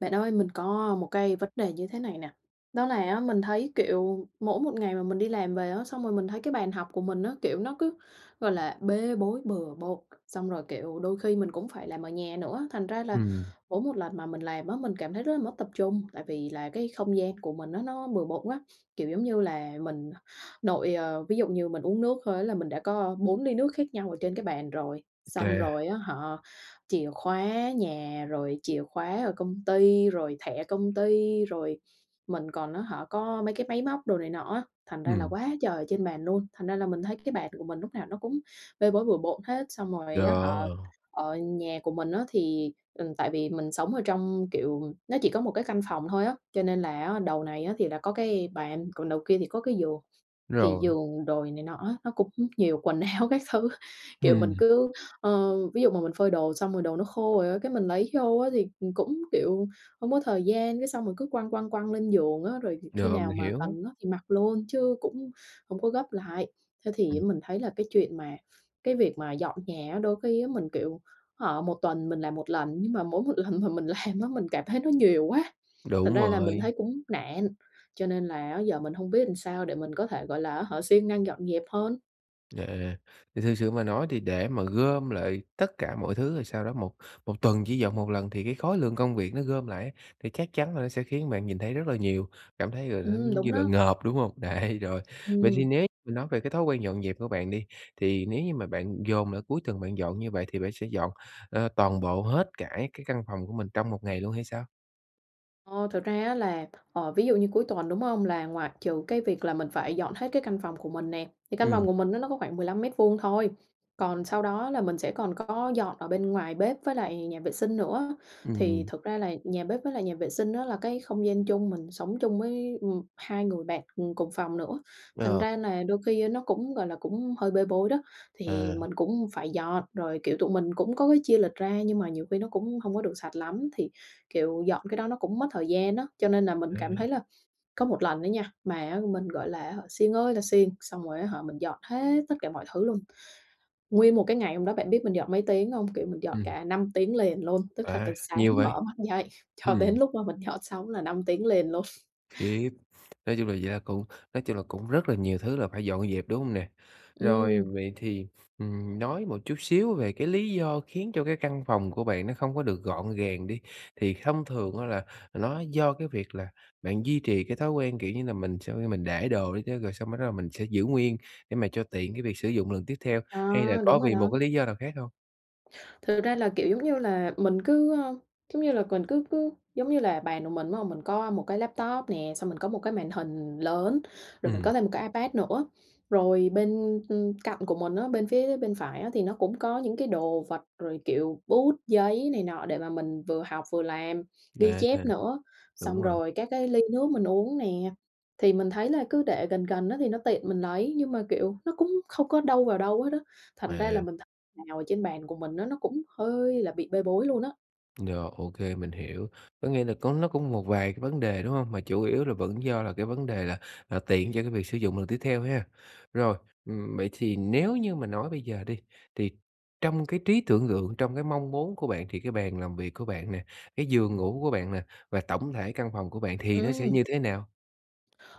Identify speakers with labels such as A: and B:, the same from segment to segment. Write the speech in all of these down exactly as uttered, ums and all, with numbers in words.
A: Bạn ơi, mình có một cái vấn đề như thế này nè, đó là á mình thấy, kiểu, mỗi một ngày mà mình đi làm về á, xong rồi mình thấy cái bàn học của mình á, kiểu, nó cứ, gọi là, bê bối bừa bộn, xong rồi, kiểu, đôi khi mình cũng phải làm ở nhà nữa, thành ra là
B: Ừm, ừm.
A: mỗi một lần mà mình làm á mình cảm thấy rất là mất tập trung. Tại vì là cái không gian của mình á nó bừa bộn quá, kiểu, giống như là, mình nội, ờ ví dụ như mình uống nước thôi á là mình đã có bốn ly nước khác nhau ở trên cái bàn rồi, xong
B: Kê.
A: rồi á hả, chìa khóa nhà rồi chìa khóa ở công ty, rồi thẻ công ty, rồi mình còn á hả có mấy cái máy móc đồ này nọ á, thành ra là
B: Ừm.
A: quá trời ở trên bàn luôn, thành ra là mình thấy cái bàn của mình lúc nào nó cũng bê bối, bừa bộn hết. Xong rồi á hả
B: Rồi.
A: ở nhà của mình á thì, ừm, tại vì mình sống ở trong, kiểu, nó chỉ có một cái căn phòng thôi á, cho nên là á đầu này á thì là có cái bàn, còn đầu kia thì có cái giường. Thì
B: Rồi.
A: giường đồ này này nọ á nó cũng nhiều quần áo các thứ, kiểu, mình
B: Ừm.
A: cứ, ơ, ví dụ mà mình phơi đồ xong rồi đồ nó khô rồi á, cái mình lấy vô á thì, ừm, cũng, kiểu, không có thời gian, cái xong mình cứ quăng, quăng, quăng lên giường á, rồi dịp khi
B: Rồi,
A: nào
B: mình
A: mà
B: hiểu.
A: cần á thì mặc luôn, chứ cũng không có gấp lại. Thế thì
B: Ừm.
A: á mình thấy là cái chuyện mà, cái việc mà dọn nhà đôi khi á mình, kiểu, hả một tuần mình làm một lần, nhưng mà mỗi một lần mà mình làm á mình cảm thấy nó nhiều quá. Thành
B: Đúng
A: ra là mình
B: rồi.
A: thấy cũng nản, cho nên là á giờ mình hông biết sao để mình có thể, gọi là, á hả siêng năng dọn dẹp hơn.
B: Yeah, thì thực sự mà nói thì để mà gom lại tất cả mọi thứ rồi sau đó một một tuần chỉ dọn một lần thì cái khối lượng công việc nó gom lại á, thì chắc chắn là nó sẽ khiến bạn nhìn thấy rất là nhiều, cảm thấy à h nó,
A: Ừm,
B: giống như
A: đúng
B: là,
A: đó.
B: ngợp, đúng hông? Đấy, rồi. Vậy
A: Ừm.
B: thì nếu mà nói về cái thói quen dọn dẹp của bạn đi, thì nếu như mà bạn dồn lại cuối tuần bạn dọn như vậy thì bạn sẽ dọn, ờ, toàn bộ hết cả cái căn phòng của mình trong một ngày luôn hay sao?
A: Ờ, thực ra á là, ờ, ví dụ như cuối tuần đúng hông là ngoại trừ cái việc là mình phải dọn hết cái căn phòng của mình nè, thì căn
B: Ừm.
A: phòng của mình á nó có khoảng mười lăm mét vuông thôi, còn sau đó là mình sẽ còn có dọn ở bên ngoài bếp với lại nhà vệ sinh nữa. Thì
B: Ừm.
A: thực ra là nhà bếp với lại nhà vệ sinh á là cái không gian chung, mình sống chung với, ừm, hai người bạn, ừm, cùng phòng nữa. Thành
B: Ờ.
A: ra là đôi khi á nó cũng, gọi là, cũng hơi bê bối đó, thì
B: À.
A: mình cũng phải dọn rồi, kiểu, tụi mình cũng có cái chia lịch ra, nhưng mà nhiều khi nó cũng hông có được sạch lắm. Thì, kiểu, dọn cái đó nó cũng mất thời gian á, cho nên là mình cảm
B: A.
A: thấy là có một lần á nha, mà á mình, gọi là á hả, siêng ơi là siêng, xong rồi á hả mình dọn hết tất cả mọi thứ luôn. Nguyên một cái ngày hôm đó bạn biết mình dọn mấy tiếng hông? Kiểu, mình dọn
B: Ừm.
A: cả năm tiếng liền luôn, tức là
B: À,
A: từ sáng
B: nhiều vậy?
A: mở mắt dậy cho
B: Ừm.
A: đến lúc mà mình dọn xong á là năm tiếng liền luôn.
B: Khiếp, nói chung là da cũng nói chung là cũng rất là nhiều thứ là phải dọn dẹp, đúng hông nè? Rồi,
A: Ừm.
B: vậy thì, ừm, nói một chút xíu về cái lý do khiến cho cái căn phòng của bạn nó không có được gọn gàng đi, thì không thường á là nó do cái việc là bạn duy trì cái thói quen, kiểu như là, mình sau khi mình để đồ đi tớ rồi xong bắt đầu mình sẽ giữ nguyên để mà cho tiện cái việc sử dụng lần tiếp theo,
A: À,
B: hay là có
A: đúng rồi
B: vì một
A: đó.
B: cái lý do nào khác hông?
A: Thực ra là, kiểu, giống như là, mình cứ, ờ, giống như là mình cứ cứ, giống như là, bàn của mình, đúng hông, mình có một cái laptop nè, xong mình có một cái màn hình lớn, rồi mình
B: Ừm.
A: có thêm một cái iPad nữa. Rồi bên, ưm, cạnh của mình á, bên phía bên phải á thì nó cũng có những cái đồ vật rồi, kiểu, bút, giấy, này nọ để mà mình vừa học vừa làm, ghi
B: A hà.
A: chép nữa, xong
B: Đúng rồi.
A: rồi các cái ly nước mình uống nè. Thì mình thấy là cứ để gần gần á, thì nó tiện mình lấy nhưng mà, kiểu, nó cũng không có đâu vào đâu hết á. Thành ra là
B: À.
A: mình thấy nào ở trên bàn của mình á nó cũng hơi là bị bê bối luôn á.
B: Rồi, ô kê, mình hiểu. Có nghĩa là có nó có một vài cái vấn đề, đúng hông? Mà chủ yếu là vẫn do là cái vấn đề là là tiện cho cái việc sử dụng lần tiếp theo ha. Rồi, ừm, vậy thì nếu như mà nói bây giờ đi, thì trong cái trí tưởng tượng, trong cái mong muốn của bạn thì cái bàn làm việc của bạn nè, cái giường ngủ của bạn nè và tổng thể căn phòng của bạn thì nó sẽ
A: Ừm.
B: như thế nào?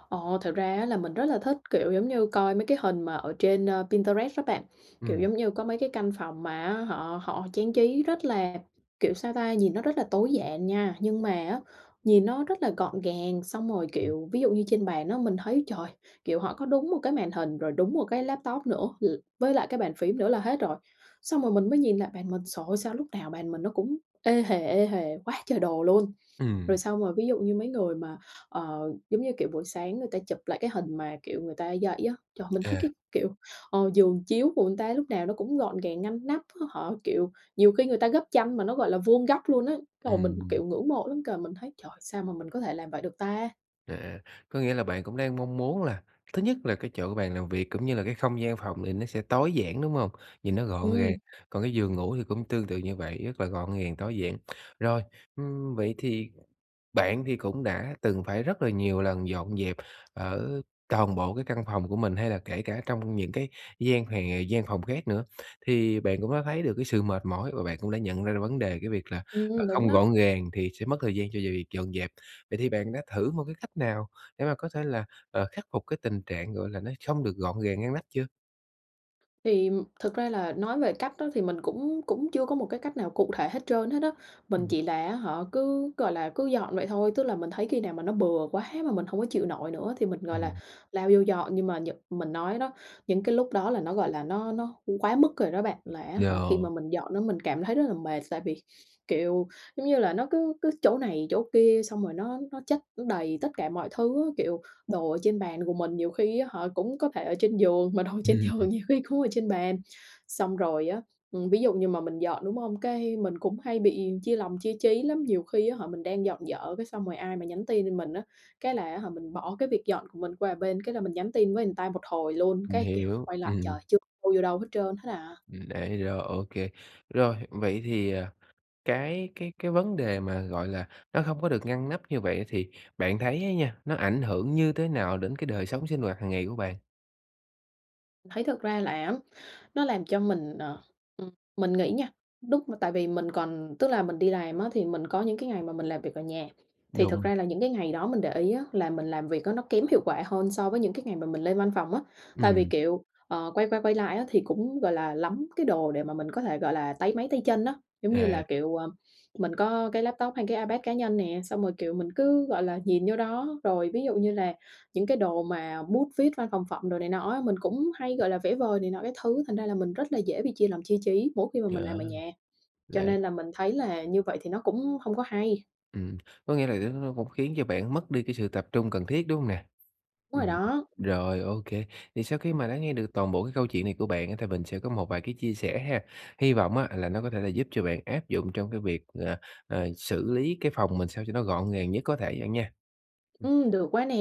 A: Ồ, thật ra á là mình rất là thích, kiểu, giống như coi mấy cái hình mà ở trên, a, Pinterest á bạn, kiểu,
B: Ừm.
A: giống như có mấy cái căn phòng mà á họ họ trang trí rất là, kiểu, sao ta, hhìn nó rất là tối giản nha. Nhưng mà á nhìn nó rất là gọn gàng, xong rồi, kiểu, ví dụ như trên bàn á mình thấy trời, kiểu, họ có đúng một cái màn hình rồi đúng một cái laptop nữa l với lại cái bàn phím nữa là hết rồi. Xong rồi mình mới nhìn lại bàn mình, trời ơi, sao lúc nào bàn mình nó cũng ê hề, ê hề quá trời đồ luôn.
B: Ừm.
A: Rồi, xong rồi ví dụ như mấy người mà, ờ, giống như, kiểu, buổi sáng người ta chụp lại cái hình mà, kiểu, người ta dậy á, trời ơi mình thấy
B: À.
A: cái, kiểu, ờ, giường chiếu của người ta lúc nào nó cũng gọn gàng ngăn nắp. Họ, kiểu, nhiều khi người ta gấp chăn mà nó, gọi là, vuông góc luôn á. Xong rồi mình cũng,
B: Ừm.
A: kiểu, ngưỡng mộ lắm kìa. Mình thấy "Trời, sao mà mình có thể làm vậy được ta?"
B: À, à, có nghĩa là bạn cũng đang mong muốn là thứ nhất là cái chỗ của bạn làm việc cũng như là cái không gian phòng thì nó sẽ tối giản, đúng hông? Nhìn nó gọn gàng,
A: Ừm.
B: còn cái giường ngủ thì cũng tương tự như vậy, rất là gọn gàng, tối giản. Rồi, ừm, vậy thì bạn thì cũng đã từng phải rất là nhiều lần dọn dẹp ở coàn bộ cái căn phòng của mình, hay là kể cả trong những cái gian hòe gian phòng khác nữa thì bạn cũng đã thấy được cái sự mệt mỏi, và bạn cũng đã nhận ra ra vấn đề cái việc là, ờ,
A: Ừm, đúng
B: không
A: đó.
B: gọn gàng thì sẽ mất thời gian cho việc việc dọn dẹp. Vậy thì bạn đã thử một cái cách nào để mà có thể là, ờ, khắc phục cái tình trạng, gọi là, nó không được gọn gàng, ngăn nắp chưa?
A: Thì thực ra là nói về cách đó thì mình cũng cũng chưa có một cái cách nào cụ thể hết trơn hết á, mình
B: Ừm
A: chỉ là á hả cứ, gọi là, cứ dọn vậy thôi. Tức là mình thấy khi nào mà nó bừa quá mà mình hông có chịu nổi nữa thì mình,
B: Ừm
A: gọi là,
B: hưm.
A: lao vô dọn, nhưng mà nhựt mình nói đó, những cái lúc đó là nó, gọi là, nó nó quá mức rồi đó bạn. Là á hả, khi
B: Rồi.
A: mà mình dọn á mình cảm thấy rất là mệt, tại vì, kiểu, giống như là, nó cứ cứ chỗ này, chỗ kia, xong rồi nó nó chất, nó đầy tất cả mọi thứ á, kiểu, đồ ở trên bàn của mình nhiều khi á hả cũng có thể ở trên giường, mà đồ trên giường nhiều khi cũng ở trên bàn. Xong rồi á, ừm, ví dụ như mà mình dọn, đúng không? Cái mình cũng hay bị chia lòng, chia chí lắm. Nhiều khi á hả mình đang dọn dở cái xong rồi ai mà nhắn tin cho mình á, cái là á hả mình bỏ cái việc dọn của mình qua, ờ, bên cái là mình nhắn tin với người ta một hồi luôn,
B: Mình
A: cái, kiểu,
B: hiểu,
A: quay lại
B: ừm, ừm.
A: trời chưa đâu vô đâu hết trơn hết à.
B: Ừm, đấy, rồi, ô kê. Rồi, vậy thì, à, cái cái cái vấn đề mà, gọi là, nó không có được ngăn nắp như vậy thì bạn thấy á nha, nó ảnh hưởng như thế nào đến cái đời sống sinh hoạt hàng ngày của bạn?
A: Mình thấy thật ra là á nó làm cho mình, ờ, ừm, mình nghĩ nha, lúc mà tại vì mình còn tức là mình đi làm á thì mình có những cái ngày mà mình làm việc ở nhà, thì thực
B: Đúng.
A: ra là những cái ngày đó mình để ý á là mình làm việc á nó kém hiệu quả hơn so với những cái ngày mà mình lên văn phòng á. Tại vì,
B: Ừm.
A: kiểu, ờ, quay qua quay lại á thì cũng, gọi là, lắm cái đồ để mà mình có thể, gọi là, táy máy tay chân á. Giống như là,
B: À.
A: kiểu, à, mình có cái laptop hay cái iPad cá nhân nè, xong rồi, kiểu, mình cứ, gọi là, nhìn vô đó. Rồi, ví dụ như là những cái đồ mà bút viết, văn phòng phẩm đồ này nọ á, mình cũng hay, gọi là, vẽ vời này nọ các thứ, thành ra là mình rất là dễ bị chia làm chia trí mỗi khi mà mình
B: Yeah,
A: làm ở nhà, cho
B: đấy.
A: nên là mình thấy là như vậy thì nó cũng không có hay.
B: Ừm, có nghĩa là đ nó nó cũng khiến cho bạn mất đi cái sự tập trung cần thiết, đúng hông nè?
A: Đúng rồi
B: Ừm,
A: đó!
B: rồi, ô kê. Thì sau khi mà đã nghe được toàn bộ cái câu chuyện này của bạn á thì mình sẽ có một vài cái chia sẻ ha. Hy vọng á là nó có thể là giúp cho bạn áp dụng trong cái việc, ờ, ờ, xử lý cái phòng mình sao cho nó gọn gàng nhất có thể bạn nha. Ừm.
A: Ừm, được quá nè!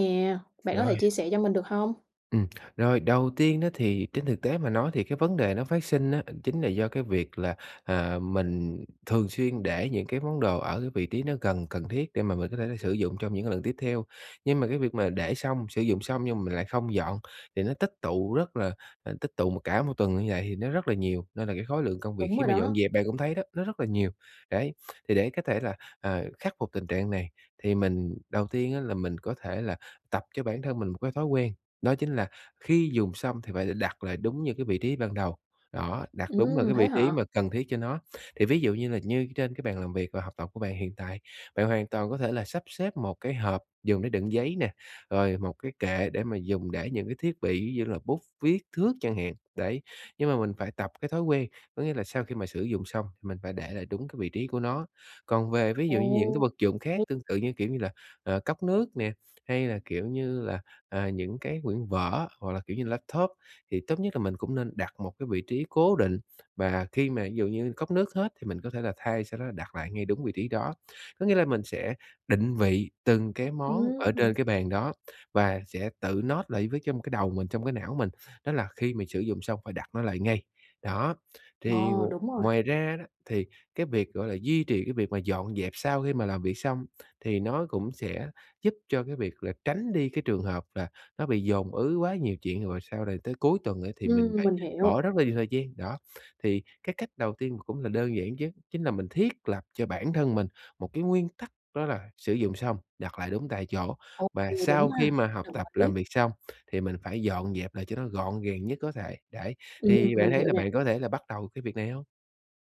A: Bạn có thể
B: Rồi.
A: chia sẻ cho mình được hông?
B: Ừm, rồi, đầu tiên á thì trên thực tế mà nói thì cái vấn đề nó phát sinh á, chính là do cái việc là, à, mình thường xuyên để những cái món đồ ở vị trí nó gần, cần thiết để mà mình có thể là sử dụng trong những cái lần tiếp theo. Nhưng mà cái việc mà để xong, sử dụng xong nhưng mà mình lại không dọn thì nó tích tụ rất là, à, tích tụ mà cả một tuần như vậy thì nó rất là nhiều, nên là cái khối lượng công việc
A: Đúng
B: khi
A: rồi
B: mà dọn
A: đó!
B: dẹp bạn cũng thấy đó, nó rất là nhiều. Đấy, thì để có thể là, à, khắc phục tình trạng này thì mình đầu tiên á là mình có thể là tập cho bản thân mình một cái thói quen, đó chính là khi dùng xong thì phải là đặt lại đúng như cái vị trí ban đầu, đó, đặt đúng lại
A: Ừm,
B: cái
A: thế
B: vị trí
A: hả?
B: mà cần thiết cho nó. Thì ví dụ như là như trên cái bàn làm việc và học tập của bạn hiện tại, bạn hoàn toàn có thể là sắp xếp một cái hộp dùng để đựng giấy nè, rồi một cái kệ để mà dùng để những cái thiết bị, ví dụ như là bút, viết, thước chẳng hạn, đấy. Nhưng mà mình phải tập cái thói quen, có nghĩa là sau khi mà sử dụng xong mình phải để lại đúng cái vị trí của nó. Còn về ví dụ như những cái
A: Ồ!
B: vật dụng khác
A: Hay!
B: tương tự, như kiểu, như là, ờ, cốc nước nè, hay là, kiểu như là, à, những cái quyển vở hoặc là, kiểu như là laptop, thì tốt nhất là mình cũng nên đặt một cái vị trí cố định và khi mà ví dụ như cốc nước hết thì mình có thể là thay, sau đó là đặt lại ngay đúng vị trí đó. Có nghĩa là mình sẽ định vị từng cái món ở trên
A: Ừm.
B: cái bàn đó và sẽ tự note lại với trong m cái đầu mình, trong cái não mình, đó là khi mình sử dụng xong phải đặt nó lại ngay. Đó, thì, ừm,
A: Ờ, đúng rồi!
B: ngoài ra đó thì cái việc, gọi là, duy trì cái việc mà dọn dẹp sau khi mà làm việc xong thì nó cũng sẽ giúp cho cái việc là tránh đi cái trường hợp là nó bị dồn ứ quá nhiều chuyện, rồi sau rồi tới cuối tuần á thì mình
A: Ừm,
B: lại
A: mình hiểu.
B: bỏ rất là nhiều thời gian, đó. Thì cái cách đầu tiên và cũng là đơn giản nhất chính là mình thiết lập cho bản thân mình một cái nguyên tắc, đó là sử dụng xong, đặt lại đúng tại chỗ,
A: Ồ,
B: và
A: ừ,
B: sau
A: đúng
B: khi
A: ha?
B: mà học
A: Đồng
B: tập, làm
A: ý.
B: việc xong thì mình phải dọn dẹp lại cho nó gọn gàng nhất có thể, đấy.
A: Ừm,
B: Thì bạn
A: mình
B: thấy
A: hiểu
B: là
A: nè.
B: bạn có thể là bắt đầu cái việc này hông?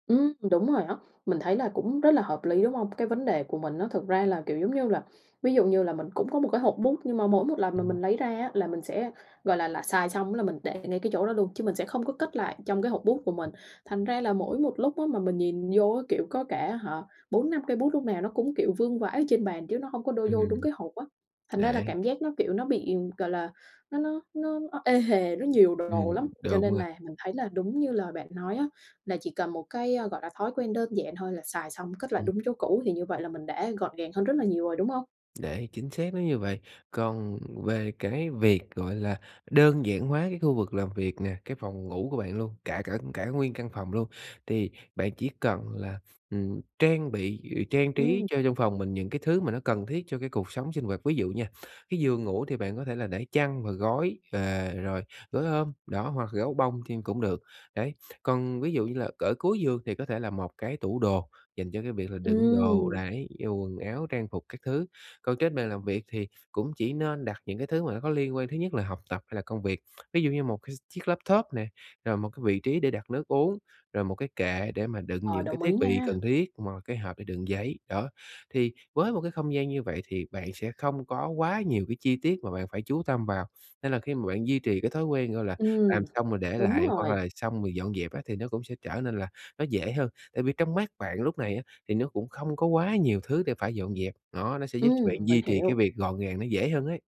A: Ừm, đúng rồi đó, mình thấy là cũng rất là hợp lý, đúng hông? Cái vấn đề của mình á thực ra là, kiểu, giống như là ví dụ như là mình cũng có một cái hộp bút nhưng mà mỗi một lần mà
B: Ừm.
A: mình lấy ra á là mình sẽ, gọi là, là xài xong á là mình để ngay cái chỗ đó luôn chứ mình sẽ không có cất lại trong cái hộp bút của mình. Thành ra là mỗi một lúc á mà mình nhìn vô á, kiểu, có cả á hả bốn năm cây bút lúc nào nó cũng, kiểu, vương vãi ở trên bàn chứ nó không có đôi vô đúng
B: Ừm.
A: cái hộp á. Thành ra là
B: Đấy.
A: cảm giác nó, kiểu, nó bị, gọi là, nó nó nó nó ê hề, nó nhiều đồ
B: Ừm,
A: lắm. Cho
B: đúng
A: nên
B: rồi.
A: là mình thấy là đúng như lời bạn nói á, là chỉ cần một cái, ơ, gọi là, thói quen đơn giản thôi là xài xong cất lại
B: Ừm.
A: đúng chỗ cũ, thì như vậy là mình đã gọn gàng hơn rất là nhiều rồi, đúng hông?
B: Đấy, chính xác nó như vậy. Còn về cái việc, gọi là, đơn giản hóa cái khu vực làm việc nè, cái phòng ngủ của bạn luôn, cả cả cả nguyên căn phòng luôn, thì bạn chỉ cần là, ừm, trang bị, ừ, trang trí
A: Ừm.
B: cho trong phòng mình những cái thứ mà nó cần thiết cho cái cuộc sống sinh hoạt. Ví dụ nha, cái giường ngủ thì bạn có thể là để chăn và gối, và rồi gối ôm, đó, hoặc gấu bông thêm cũng được, đấy. Còn ví dụ như là ở cuối giường thì có thể là một cái tủ đồ dành cho cái việc là đựng đồ,
A: Ừm.
B: đấy, dù quần áo, trang phục các thứ. Còn trên bàn làm việc thì cũng chỉ nên đặt những cái thứ mà nó có liên quan, thứ nhất là học tập hay là công việc. Ví dụ như một cái chiếc laptop nè, rồi một cái vị trí để đặt nước uống, rồi một cái kệ để mà đựng
A: Ờ,
B: những cái
A: đồng
B: thiết
A: ý
B: bị
A: nha!
B: cần thiết, một cái hộp để đựng giấy, đó. Thì với một cái không gian như vậy thì bạn sẽ không có quá nhiều cái chi tiết mà bạn phải chú tâm vào, nên là khi mà bạn duy trì cái thói quen, gọi là,
A: Ừm,
B: làm xong rồi để
A: đúng
B: lại, hoặc
A: rồi.
B: là xong rồi dọn dẹp á thì nó cũng sẽ trở nên là nó dễ hơn. Tại vì trong mắt bạn lúc này á thì nó cũng không có quá nhiều thứ để phải dọn dẹp, đó, nó sẽ giúp bạn
A: Ừm, mình
B: duy trì cái
A: hiểu.
B: việc gọn gàng nó dễ hơn ấy.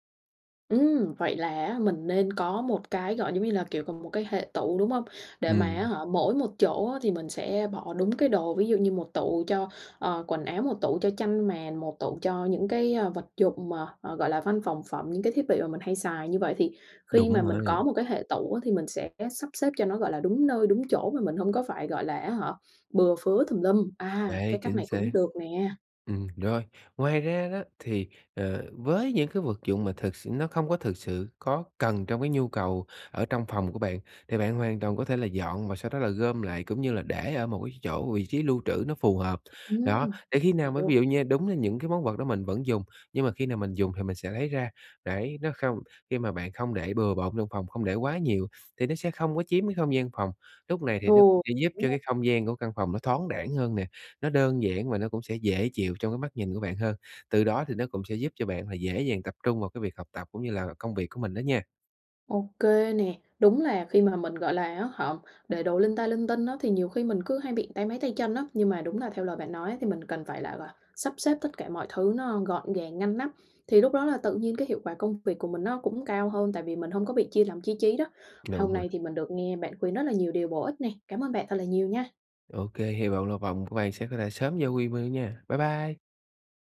A: Ừm. Vậy là á mình nên có một cái, gọi giống như là, kiểu, một cái hệ tủ, đúng không? Để mà
B: Ừm.
A: á hả mỗi một chỗ á thì mình sẽ bỏ đúng cái đồ, ví dụ như một tủ cho, ờ, quần áo, một tủ cho chăn màn, một tủ cho những cái, à, vật dụng mà, ờ, gọi là, văn phòng phẩm, những cái thiết bị mà mình hay xài. Như vậy thì khi mà
B: Đúng rồi
A: mình
B: đấy.
A: có một cái hệ tủ á thì mình sẽ sắp xếp cho nó, gọi là, đúng nơi đúng chỗ mà mình hông có phải, gọi là á hả, bừa phứa tùm lum. À,
B: Đấy,
A: cái cách
B: chính
A: này
B: xác.
A: cũng được nè.
B: Ừm, rồi. Ngoài ra đó thì, ờ, với những cái vật dụng mà thực sự nó không có thực sự có cần trong cái nhu cầu ở trong phòng của bạn, thì bạn hoàn toàn có thể là dọn và sau đó là gom lại, cũng như là để ở một cái chỗ vị trí lưu trữ nó phù hợp. Đó,
A: Ừm,
B: để khi
A: mình
B: nào mà ví
A: hiểu.
B: dụ như đúng là những cái món vật đó mình vẫn dùng, nhưng mà khi nào mình dùng thì mình sẽ lấy ra. Đấy, nó không khi mà bạn không để bừa bộn trong phòng, không để quá nhiều thì nó sẽ không có chiếm cái không gian phòng. Lúc này thì nó cũng
A: Ừ,
B: sẽ giúp
A: phải
B: cho
A: a
B: cái không gian của căn phòng nó thoáng đãng hơn nè, nó đơn giản và nó cũng sẽ dễ chịu trong cái mắt nhìn của bạn hơn. Từ đó thì nó cũng sẽ giúp cho bạn là dễ dàng tập trung vào cái việc học tập cũng như là công việc của mình đó nha.
A: Ô kê nè. Đúng là khi mà mình, gọi là á hả, để đồ linh ta linh tinh á, thì nhiều khi mình cứ hay bị táy máy tay chân á, nhưng mà đúng là theo lời bạn nói thì mình cần phải là là sắp xếp tất cả mọi thứ nó gọn gàng ngăn nắp. Thì lúc đó là tự nhiên cái hiệu quả công việc của mình nó cũng cao hơn tại vì mình hông có bị chia lòng chia trí đó.
B: Đúng
A: Hôm
B: rồi.
A: nay thì mình được nghe bạn khuyên rất là nhiều điều bổ ích này, cảm ơn bạn thật là nhiều nha!
B: Ô kê. Hy vọng là phòng của bạn sẽ quay lại sớm vô quy [unintelligible] nha. Bye bye.